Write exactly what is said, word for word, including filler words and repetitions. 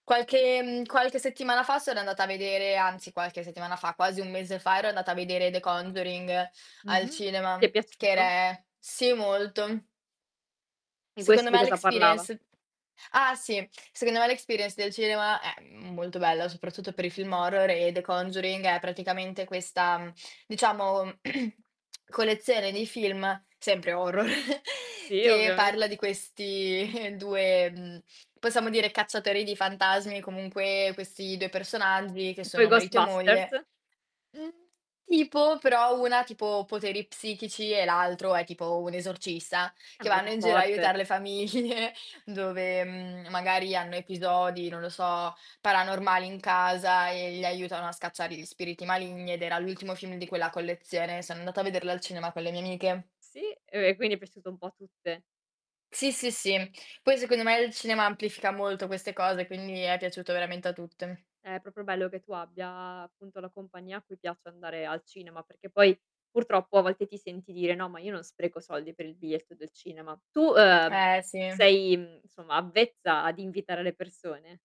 Qualche, ehm, qualche settimana fa sono andata a vedere anzi qualche settimana fa, quasi un mese fa ero andata a vedere The Conjuring al Mh-mh. Ti è cinema, che piaciuto? ere sì, molto. E Secondo questo di me l' cosa parlava? experience ah sì. Secondo me l' experience del cinema è m molto bella, soprattutto per i film horror e The Conduring è praticamente questa, mhmm, diciamo, collezione di film, sempre horror, Sì, che parla ovviamente. di questi due mhmm, possiamo dire cacciatori di fantasmi, comunque questi due personaggi che Tipo i sono marito e moglie Ghostbusters? mhmm, tipo, però una ha tipo poteri psichici e l'altro è tipo un esorcista, Eh, che vanno [unintelligible] in giro a forte. aiutar le famiglie dove, mhmm, magari hanno episodi, non lo so, paranormali in casa e li aiutano a scacciare gli spiriti maligni ed era l'ultimo film di quella collezione. Sono andata a vederlo al cinema con le mie amiche. Sì, ehm, quindi è piaciuto un po' a tutte. Sì, sì, sì. Poi secondo me il cinema amplifica molto queste cose, quindi è piaciuto veramente a tutte. Eh, proprio bello che tu abbia appunto la compagnia a cui piace andare al cinema, perché poi purtroppo a volte ti senti dire: "No, ma io non spreco soldi per il biglietto del cinema". Tu, ehm, Eh, sì. sei, mhmm, nsomma avvezza ad invitare le persone?